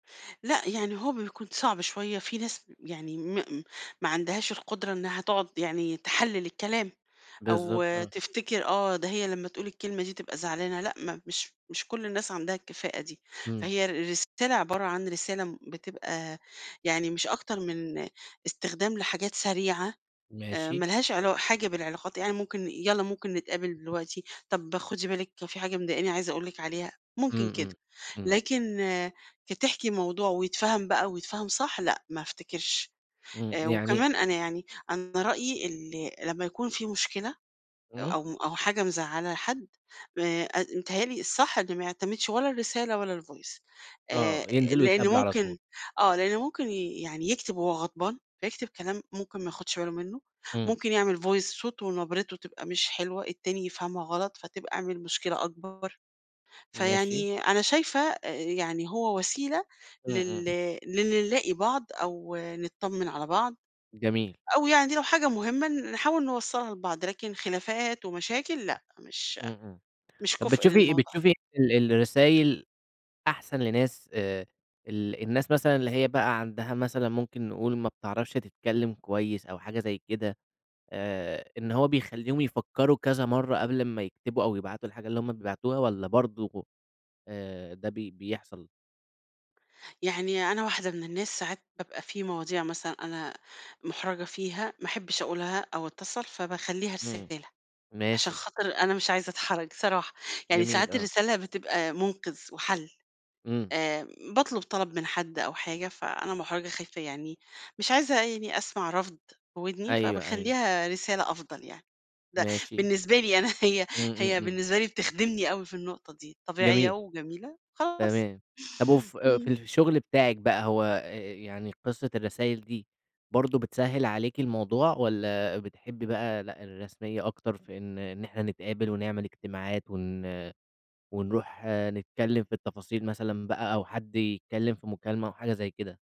لأ، يعني هو بيكون صعب شوية. في ناس يعني م م ما عندهاش القدرة إنّها تقعد يعني تحلِّل الكلام أو بالضبط آه. تفتكر آه، ده هي لمّا تقول الكلمة دي تبقى زعلانة، لأ، ما مش مش كل الناس عندها الكفاءة دي. إمم. فهي رسالة عبارة عن رسالة بتبقى يعني مش أكتر من استخدام لحاجات سريعة، آآ ماشي. مالهاش علا حاجة بالعلاقات، يعني ممكن يالّا ممكن نتقابل دلوقتي، طب خُدي بالِك في حاجة مضايقاني عايزة أقول لِك عليها، ممكن إمم، كده. إمم. إمم. لكن كتحكي الموضوع ويتفهَم بقى ويتفهَم صح، لأ ما أفتكرش. إمم. آآ، يعني وكمان أنا يعني أنا رأيي ال لمّا يكون في مشكلة إمم. أو أو حاجة مزعّلة حد آآ، ات بيتهيّأ لي الصح إن ما يعتمدش ولا الرسالة ولا الvoice. آآ آه. ينزلوا لإنّه يتقابلوا على ممكن طول. آه، لإنّه ممكن يعني يكتب وهو غضبان، فيكتب كلام ممكن ما ياخدش باله منّه، إمم. ممكن يعمل voice صوته ونبرته تبقى مش حلوة التاني يفهمها غلط، فتبقى عمل مشكلة أكبر. ماشي. فيعني أنا شايفة أ يعني هو وسيلة إمم، لل إمم. لل نلاقي بعض أو نطّمِن على بعض جميل. أو يعني لو حاجة مهمة نحاول نوصَّلها لبعض، لكن خلافات ومشاكل، لأ، مش إمم، إمم. مش طب كُفء بتشوفي للموضوع ده. بتشوفي ال الرسايل أحسن لناس آآ، ال الناس مثلًا اللي هي بقى عندها مثلًا ممكن نقول ما بتعرفش تتكلّم كويس أو حاجة زي كده، آآ إن هو بيخلّيهم يفكّروا كذا مرّة قبل أمّا يكتبوا أو يبعتوا الحاجة اللي هم بيبعتوها والّا برضه آآ، ده بي بيحصل؟ يعني أنا واحدة من الناس ساعات بابقى في مواضيع مثلًا أنا مُحرجة فيها، ما أحبّش أقولها أو أتّصل، فباخلّيها إمم. رسالة، عشان ماشي. خاطر أنا مش عايزة أتحرج صراحة. يعني جميل، ساعات آه. الرسالة بتبقى مُنقِذ وحَل، إمم. آآ، باطلب طلب من حد أو حاجة فأنا مُحرجة خايفة يعني مش عايزة يعني أسمع رفض في ودني أيوه، أيوه. فباخلّيها رسالة أفضل يعني، ده ماشي. بالنسبة لي أنا هي إمم، إمم، هي إمم. بالنسبة لي بتخدمني أوي في النقطة دي، طبيعية جميل. وجميلة خلاص. تمام. طب وف آآ، ف في إمم. الشغل بتاعِك بقى هو أ أ يعني قصة الرسايل دي برضه بتسهِّل عليكِ الموضوع والّا بتحبّي بقى لأ، الرسمية أكتر في إن إحنا نتقابل ونعمل اجتماعات ون ونروح نتكلّم في التفاصيل مثلًا بقى أو حد يتكلّم في مكالمة أو حاجة زي كده؟